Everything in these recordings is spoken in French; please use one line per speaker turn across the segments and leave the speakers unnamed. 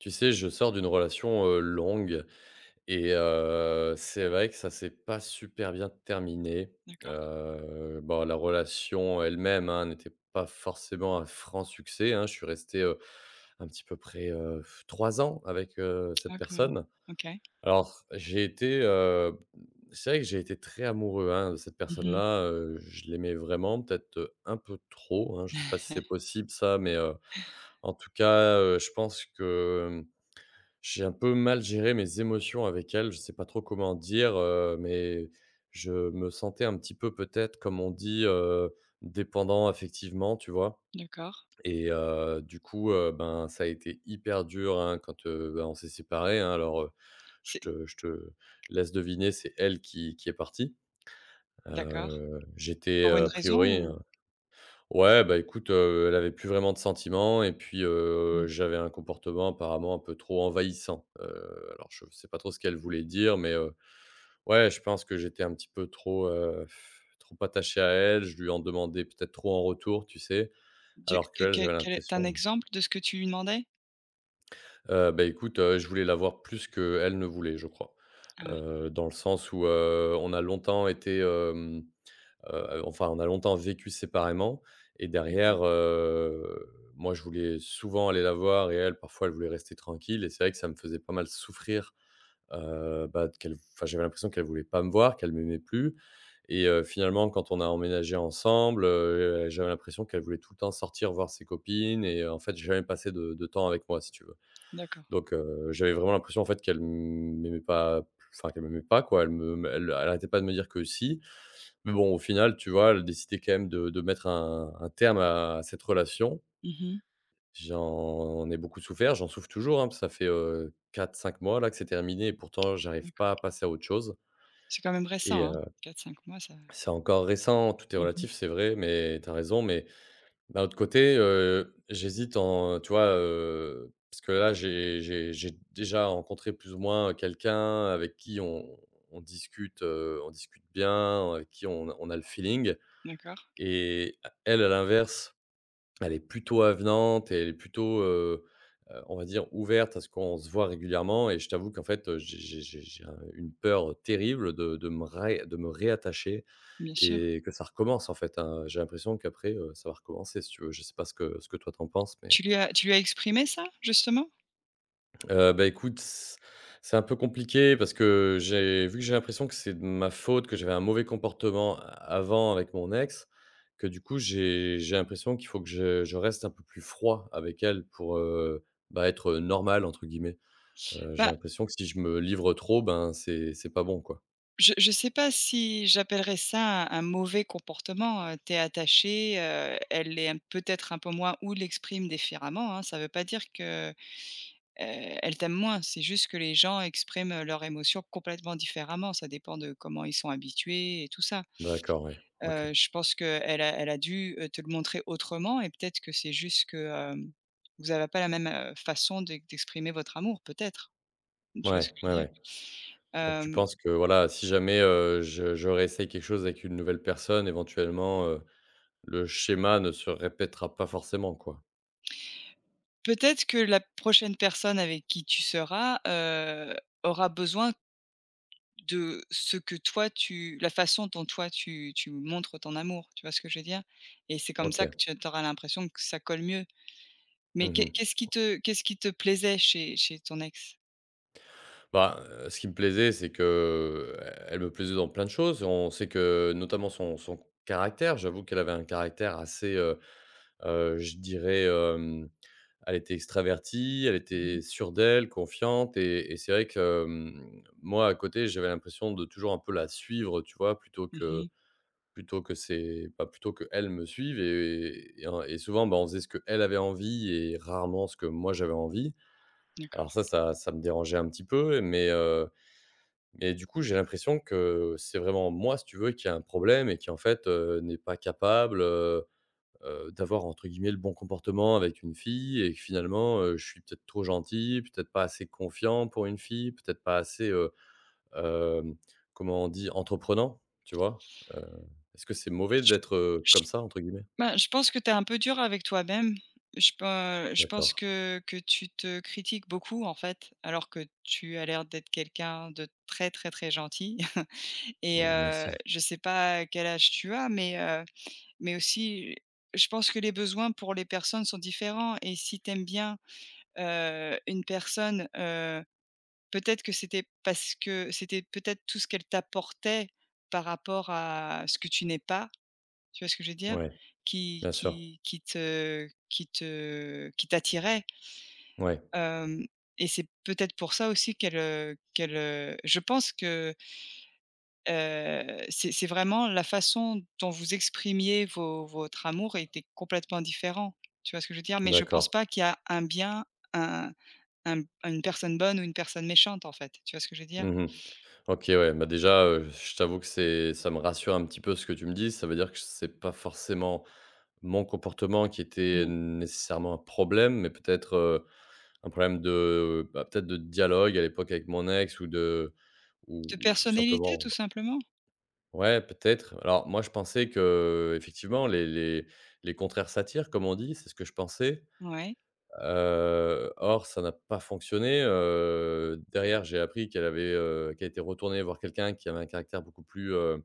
Tu sais, je sors d'une relation, heu, longue et heu, c'est vrai que ça c'est pas super bien terminé,
D'accord.
heu, bon la relation en elle-même, hein, n'était pas forcément, un franc succès hein. Je suis resté, heu, un petit peu près, heu, 3 ans avec, heu, cette
Ah quand même,
personne.
OK.
Alors j'ai été, heu, b mmh, c'est vrai que j'ai été très amoureux, hein, de cette
Mmh
personne
mh.
là, heu, je l'aimais vraiment peut-être, heu, un peu trop hein. Je sais pas si c'est possible ça, mais, heu, en tout cas, heu, je pense que, mmh, j'ai un peu mal gérer mes émotions avec elle. Je sais pas trop comment dire, heu, mais je me sentais un petit peu, peut-être, comme on dit, heu, «dépendant affectivement», tu vois?
D'accord.
Et heu, du coup, heu, ben, ça été hyper dur hein quand, heu, bah on s'est séparés hein. Alors, heu, je
C'est
te je te laisse deviner, c'est elle qui qui est partie,
D'accord.
heu, j'étais,
Pour
heu,
une
a
raison,
priori, heu
ou?
ouais bah, écoute, heu, elle avait plus vraiment de sentiment et puis, heu,
Mmh.
j'avais un comportement, apparemment, un peu trop envahissant, heu, alors je f sais pas trop ce qu'elle voulait dire, mais, heu, ouais. Je pense que j'étais un petit peu trop, heu, trop attaché à elle. Je lui en demandais peut-être trop en retour, tu sais?
Du
Alors
que
qu'elle,
quel
j'avais
quel est tu as un
l'impression
exemple de ce que tu lui demandais?
Heu, ben, écoute, heu, je voulais la voir plus qu'elle ne voulait, je crois.
Ah.
Heu, dans le sens où, heu, on a longtemps été, hem, heu heu, enfin, on a longtemps vécu séparément et
D'accord.
derrière, heu, moi je voulais souvent aller la voir et elle parfois elle voulait rester tranquille et c'est vrai que ça me faisait pas mal souffrir, heu, bah, t qu'elle enfin, j'avais l'impression qu'elle voulait pas me voir, qu'elle m'aimait plus et heu, finalement quand on a emménagé ensemble, heu heu, j'avais l'impression qu'elle voulait tout le temps sortir voir ses copines et en fait, jamais passer de de temps avec moi, si tu veux.
D'accord.
Donc, heu, j'avais vraiment l'impression, en fait, qu'elle m'aimait pas plus enfin, qu'elle m'aimait pas quoi. Elle me m elle elle arrêtait pas de me dire que si. Mais bon, au final, tu vois elle a décidé quand même de de mettre un un terme à cette relation.
Mmh mh.
J'en ai beaucoup souffert, j'en souffre toujours, hein, p ça fait, heu, 4-5 mois là que c'est terminé et pourtant j'arrive
D'accord.
pas à passer à autre chose.
C'est quand même
Et
récent, hein?
heu,
4-5 mois ça
c'est encore récent, tout est
Mmh mh.
relatif, c'est vrai, mais tu as raison, mais d'un autre côté, heu, j'hésite en tu vois, heu parce que là j'ai j'ai j'ai déjà rencontré plus ou moins, heu, quelqu'un avec qui on on discute, heu, on discute bien, heu, avec qui on a on a le feeling.
D'accord.
Et a elle à l'inverse, elle est plutôt avenante et elle est plutôt, heu heu, on va dire ouverte à ce qu'on se voit régulièrement et je t'avoue qu'en fait, heu, j'ai j'ai j'ai j'ai un une peur, heu, terrible de de me ré de me réattacher
Bien sûr.
et que ça recommence, en fait, hein, j'ai l'impression qu'après, heu, ça va recommencer, si tu veux. Je sais pas ce que ce que toi tu en penses mais?
Tu lui as tu lui as exprimé ça justement?
Heu, bah, écoute, s c'est un peu compliqué parce que j'ai vu que j'ai l'impression que c'est de ma faute, que j'avais un mauvais comportement avant avec mon ex. Que du coup j'ai j'ai l'impression qu'il faut que je je reste un peu plus froid avec elle, pour, heu, bah être, heu, «normal» entre guillemets. Heu, j'ai
Bah
l'impression que si je me livre trop, ben c'est c'est pas bon quoi.
Je je sais pas si j'appellerai ça un un «mauvais comportement». Heu, tu es attaché, heu, elle l'est m peut-être un peu moins, ou l'exprime différemment hein. Ça veut pas dire que, heu, elle t'aime moins, c'est juste que les gens expriment, heu, leurs émotions complètement différemment. Ça dépend de comment ils sont habitués et tout ça.
D'accord, oui, OK.
Heu, je pense qu'elle a elle a dû, heu, te le montrer autrement et peut-être que c'est juste que, hem, vous avez pas la même, heu, façon d'e d'exprimer votre amour peut-être? Tu vois ce
Ouais,
que je veux
ouais,
dire?
ouais. Donc tu
Hem
penses que voilà, si jamais, heu, je je réessaye quelque chose avec une nouvelle personne. Éventuellement, heu, le schéma ne se répétera pas forcément, quoi.
Peut-être que la prochaine personne avec qui tu seras, heu, aura besoin de ce que toi tu la façon dont toi tu tu montres ton amour. Tu vois ce que je veux dire? Et c'est comme ça
OK.
que tu as tu auras l'impression que ça colle mieux. Mais
Mmh
qu'est
mh.
qu'est-ce qui te qu'est-ce qui te plaisait chez chez ton ex?
Ben, heu, ce qui me plaisait, c'est que elle me plaisait dans plein de choses. On sait que, notamment son son caractère, j'avoue qu'elle avait un caractère assez, heu heu, je dirais, hem, elle était extravertie, elle
Mmh mh.
était sûre d'elle, confiante, et et c'est vrai que, mmh, moi à côté, j'avais l'impression de toujours un peu la suivre, tu vois? Plutôt
Mmh
que
mh.
plutôt que c'est, bah plutôt qu'elle me suive et et en et souvent, ben, on faisait ce qu'elle avait envie et rarement ce que moi j'avais envie.
D'accord.
Alors ça, ça ça me dérangeait un petit peu, mais, heu, et du coup, j'ai l'impression que c'est vraiment moi, si tu veux qui a un problème, et qui, en fait, heu, n'est pas capable, heu heu, d'avoir entre guillemets «le bon comportement» avec une fille, et que finalement, heu, je suis peut-être trop gentil, peut-être pas assez confiant pour une fille, peut-être pas assez, heu, hem, comment on dit? Entreprenant, tu vois? Heu, est-ce que c'est mauvais d'être, heu, «comme ça» entre guillemets?
Ben, je pense que tu es un peu dur avec toi-même. Je pa je pense
D'accord.
que que tu te critiques beaucoup, en fait. Alors que tu as l'air d'être quelqu'un de très, très, très gentil et
Mmh, merci.
heu, je sais pas quel âge tu as, mais, heu, mais aussi, je pense que les besoins pour les personnes sont différents et si tu aimes bien, heu, une personne, heu, peut-être que c'était parce que c'était peut-être tout ce qu'elle t'apportait par rapport à ce que tu n'es pas. Tu vois ce que je veux dire?
Ouais,
Qui
bien sûr.
qui qui te qui te qui t'attirait
Ouais.
hem, et c'est peut-être pour ça aussi qu'elle, heu, qu'elle, heu je pense que heu, c'est c'est vraiment la façon dont vous exprimiez vo votre amour était complètement différent. Tu vois ce que je veux dire? Mais je pense
D'accord.
pas qu'il y a un bien, un un une personne bonne ou une personne méchante, en fait. Tu vois ce que je veux dire?
Mmh mh. OK, ouais. Bah, déjà, heu, je t'avoue que c'est ça me rassure un petit peu ce que tu me dis. Ça veut dire que c'est pas forcément mon comportement qui était
Non.
nécessairement un problème, mais peut-être, heu, un problème de, bah, peut-être de dialogue à l'époque avec mon ex ou de ou
De
ou tout
personnalité
simplement
tout simplement.
Ouais, peut-être. Alors moi, je pensais que, heu, effectivement «les les les contraires s'attirent», comme on dit. C'est ce que je pensais,
Ouais.
heu, or ça n'a pas fonctionné, heu, derrière, j'ai appris qu'elle avait, heu, qu'elle était retournée voir quelqu'un qui avait un caractère beaucoup plus, heu,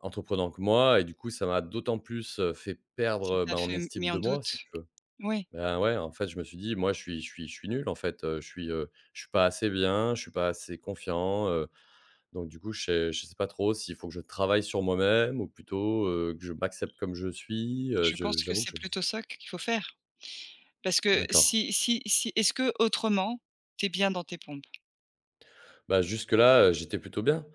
entreprenant que moi et du coup, ça m'a d'autant plus, heu, fait
Ça
perdre,
t'a
bah, en
fait m
estime
mis en
de moi, si
doute.
tu veux.
Oui.
Bah, ouais, en fait, je me suis dit: «Moi, je suis je suis je suis nul, en fait, heu, je suis, heu, je suis pas assez bien, je suis pas assez confiant, heu» donc, du coup, je sais je sais pas trop s'il faut que je travaille sur moi-même ou plutôt, heu, que je m'accepte comme je suis, heu,
Je
je
pense que
j'avoue que
c'est
je
plutôt ça que qu'il faut faire
Tu
parce que,
d'accord.
si si si est-ce qu'autrement tu es bien dans tes pompes?
Bah jusque-là, heu, j'étais plutôt bien.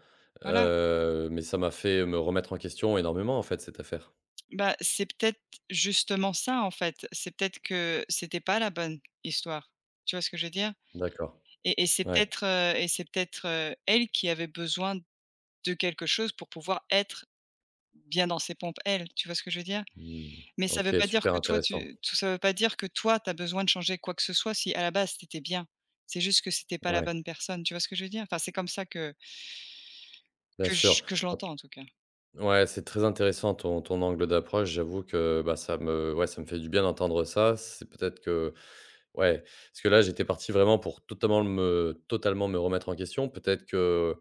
Voilà.
Heu, mais ça m'a fait me remettre en question énormément, en fait, cette affaire.
Bah, c'est peut-être justement ça, en fait. C'est peut-être que, c'était pas la bonne histoire, tu vois ce que je veux dire?
D'accord.
Et et c'est
Ouais.
peut-être, heu, et c'est peut-être, heu, elle qui avait besoin de quelque chose pour pouvoir être bien dans ses pompes, elle, tu vois ce que je veux dire?
Mmh,
Mais ça veut
OK,
pas dire
super
que toi,
intéressant.
tu tout ça veut pas dire que toi, tu as besoin de changer quoi que ce soit, si, à la base, tu était bien. C'est juste que c'était pas la
Ouais.
bonne personne, tu vois ce que je veux dire? Enfin, c'est comme ça que
Bien
que
sûr,
j que je
au
l'entends en tout cas.
ouais, c'est très intéressant ton ton angle d'approche, j'avoue que bah, ça me ouais, ça me fait du bien d'entendre ça. C'est peut-être que ouais, parce que là, j'étais parti vraiment pour totalement me totalement me remettre en question. Peut-être que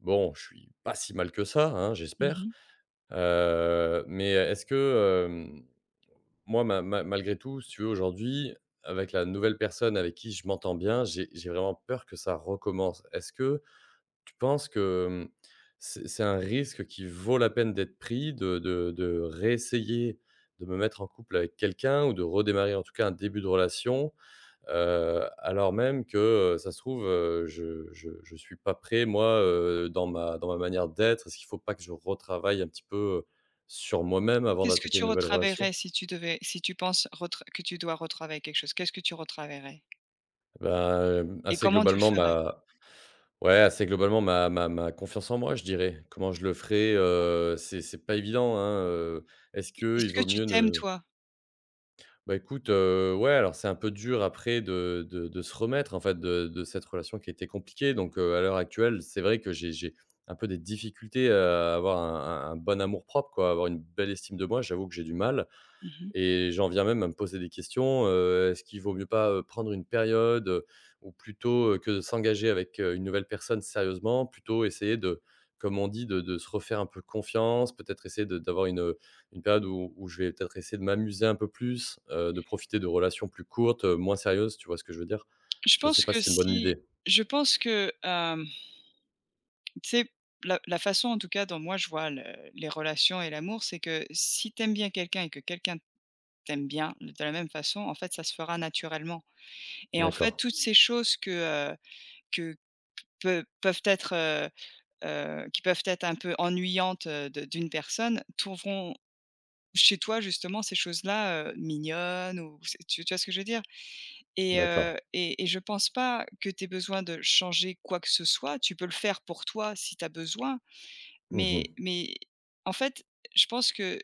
bon, je suis pas si mal que ça, hein,
Mmh
j'espère.
mh.
Heu, mais est-ce que, hem, moi, ma ma malgré tout si tu veux aujourd'hui, avec la nouvelle personne avec qui je m'entends bien, j'ai j'ai vraiment peur que ça recommence. Est-ce que tu penses que, mmh, c'est c'est un risque qui vaut la peine d'être pris? De de de réessayer de me mettre en couple avec quelqu'un, ou de redémarrer, en tout cas, un début de relation. Heu, alors même que, heu, ça se trouve, heu, je je je suis pas prêt moi, heu, dans ma dans ma manière d'être. Est-ce qu'il faut pas que je retravaille un petit peu, heu, sur moi-même avant
Qu'est-ce que
d'attaquer
tu
une nouvelle relation?
retravaillerais si tu devais si tu penses retr que tu dois retravailler quelque chose. Qu'est-ce que tu retravaillerais?
Ben, hem,
Et
assez,
comment tu le
globalement,
ferais?
ma ouais, assez globalement ma ma ma confiance en moi, je dirais. Comment je le ferai, heu, c'est c'est pas évident, hein, heu, est-ce qu'il
Est-ce que
vaut
tu
mieux
t'aimes,
ne
toi?
Bah, écoute, heu, ouais alors, c'est un peu dur après de de de se remettre en fait de de cette relation, qui était compliquée donc, heu, à l'heure actuelle, c'est vrai que j'ai j'ai un peu des difficultés, heu, à avoir un un un bon amour-propre quoi, avoir une belle estime de moi, j'avoue que j'ai du mal
Mmh mh.
et j'en viens même à me poser des questions. Heu, est-ce qu'il vaut mieux pas, heu, prendre une période? Heu, ou plutôt, heu, que de s'engager avec, heu, une nouvelle personne sérieusement plutôt essayer de comme on dit: «de de se refaire un peu de confiance», peut-être essayer de d'avoir une, heu, une période, où où je vais peut-être essayer de m'amuser un peu plus, heu, de profiter de relations plus courtes, heu, moins sérieuses, tu vois ce que je veux dire?
Je
Je sais
pense
pas
que
si c'est une bonne
si
idée.
je pense que, hem tu sais? La la façon en tout cas dont moi je vois le les relations et l'amour, c'est que si tu aimes bien quelqu'un et que quelqu'un t'aime bien de la même façon en fait ça se fera naturellement, et en fait
D'accord.
toutes ces choses que, heu, que peu peuvent être, heu heu, qui peuvent être un peu ennuyantes, heu, de d'une personne trouveront chez toi justement, ces choses-là, heu, mignonnes ou c tu tu vois ce que je veux dire? Et
D'accord.
heu, et et je pense pas que tu aies besoin de changer quoi que ce soit. Tu peux le faire pour toi si tu as besoin,
Mmh
mais
mh.
mais en fait je pense que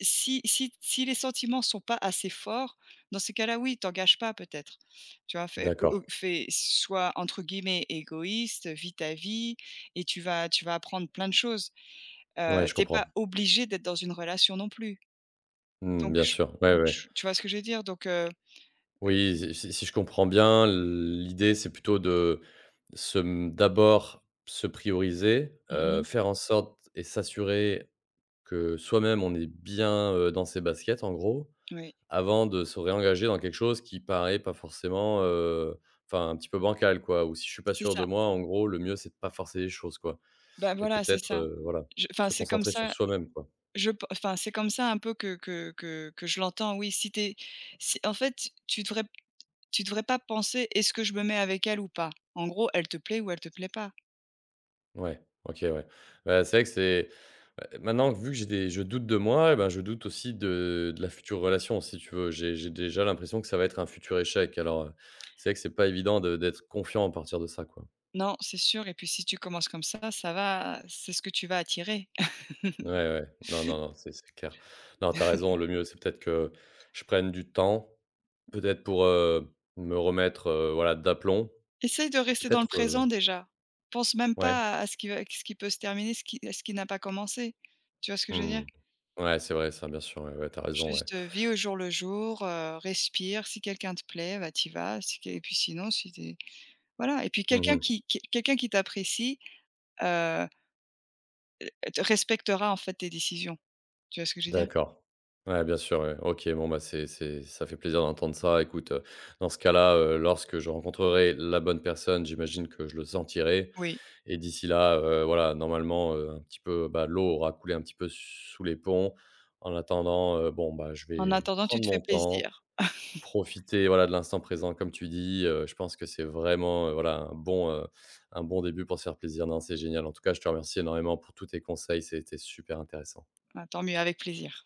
Si si t si les sentiments sont pas assez forts, dans ces cas-là, oui, t'engages pas peut-être. Tu vois? Fais ou ou
D'accord.
fais sois entre guillemets «égoïste», vis ta vie et tu vas tu vas apprendre plein de choses,
Ouais,
heu,
je
tu es
comprends.
pas obligé d'être dans une relation non plus.
Mmh,
Donc
bien
je s
sûr, ouais,
donc
ouais.
je s tu vois ce que je veux dire? Donc, heu heu
Oui, si si si je comprends bien, l'idée c'est plutôt de se, mmh, d'abord se prioriser,
Mmh
heu,
mh.
faire en sorte et s'assurer que soi-même, on est bien, heu, dans ses baskets en gros.
Oui.
Avant de se réengager dans quelque chose qui paraît pas forcément, heu, enfin un petit peu bancal quoi. Ou si je suis pas
C'est
sûr de
ça.
moi, en gros, le mieux, c'est de pas forcer les choses quoi
Bah
et
voilà, c'est
peut-être,
ça,
heu, voilà,
je enfin,
se
c'est comme
concentrer sur
ça
soi-même quoi?
je pen enfin c'est comme ça un peu, que que que que je l'entends, oui. Si tu es si en fait, tu devrais tu devrais pas penser: «Est-ce que je me mets avec elle ou pas?» En gros elle te plait, ou elle te plait pas.
Ouais, OK, ouais. Bah, c'est vrai que c'est, heu, maintenant, que vu que j'ai des je doute de moi, bah, je doute aussi de de la future relation si tu veux. J'ai j'ai déjà l'impression que ça va être un futur échec, alors, heu, c'est vrai que c'est pas évident de d'être confiant à partir de ça, quoi.
Non, c'est sûr et puis si tu commences comme ça, ça va, c'est ce que tu vas attirer.
Ouais, ouais. Non, non, non. C'est c'est clair. Non, tu as raison, le mieux c'est peut-être que je prenne du temps, peut-être pour, heu, me remettre, heu, voilà d'aplomb.
Essaye de rester dans le
Peut-être,
présent
heu
déjà. Pense même
Ouais.
pas à, heu, ce qui ce qui peut se terminer, ce qui à ce qui n'a pas commencé. Tu vois ce que
Mmh
je veux dire?
mh. Ouais, c'est vrai ça. Bien sûr ouais, ouais, tu as raison, ouais.
Juste vis au jour le jour, heu, respire, si quelqu'un te plaît, bah, t'y vas, si q et puis sinon si t voilà. Et puis
Mmh
quelqu'un
mh.
qui quelqu'un qui t'apprécie, heu heu, de respectera en fait tes décisions. Tu vois ce que je veux dire?
D'accord. Ouais, bien sûr, ouais. OK, bon bah, c'est c'est, ça fait plaisir d'entendre ça. Écoute, heu, dans ce cas-là, heu, lorsque je rencontrerai la bonne personne, j'imagine que je le sentirai.
Oui.
Et d'ici là, heu, voilà, normalement, heu, un petit peu, bah, l'eau aura coulé un petit peu, sous les ponts. En attendant, heu, bon bah, je
En
vais
attendant tu
prendre
te fais
mon temps,
plaisir.
profiter voilà de l'instant présent comme tu dis. Heu, je pense que c'est vraiment, heu, voilà un bon, heu, un bon début pour se faire plaisir, non, c'est génial. En-tout-cas, je te remercie énormément pour tous tes conseils, c'était super intéressant.
Bah tant mieux avec plaisir.